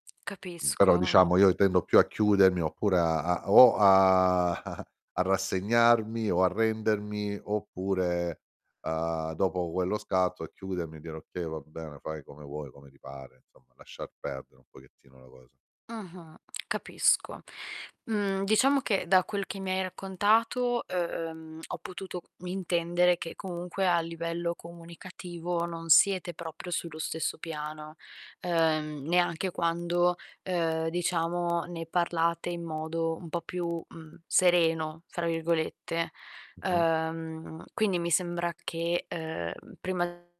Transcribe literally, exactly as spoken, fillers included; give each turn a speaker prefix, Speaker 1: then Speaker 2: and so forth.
Speaker 1: Mh, però diciamo,
Speaker 2: Capisco.
Speaker 1: io i tendo più a chiudermi oppure a a o a a rassegnarmi o arrendermi oppure, uhm, dopo quello scatto a chiudermi, e dire: "Okay, va bene, fai come vuoi, come ti pare", insomma, lasciar perdere un pochettino la cosa.
Speaker 2: Mh-mh, capisco. Mhmm, diciamo che, da quel che mi hai raccontato, ehm, ho potuto mintendere che comunque a livello comunicativo non siete proprio sullo stesso piano, ehm, neanche quando, ehm, diciamo ne parlate in modo un po' più, mhmm, "sereno", fra virgolette.
Speaker 1: Mh-mh.
Speaker 2: Ehm, quindi mi sembra che, ehm, prima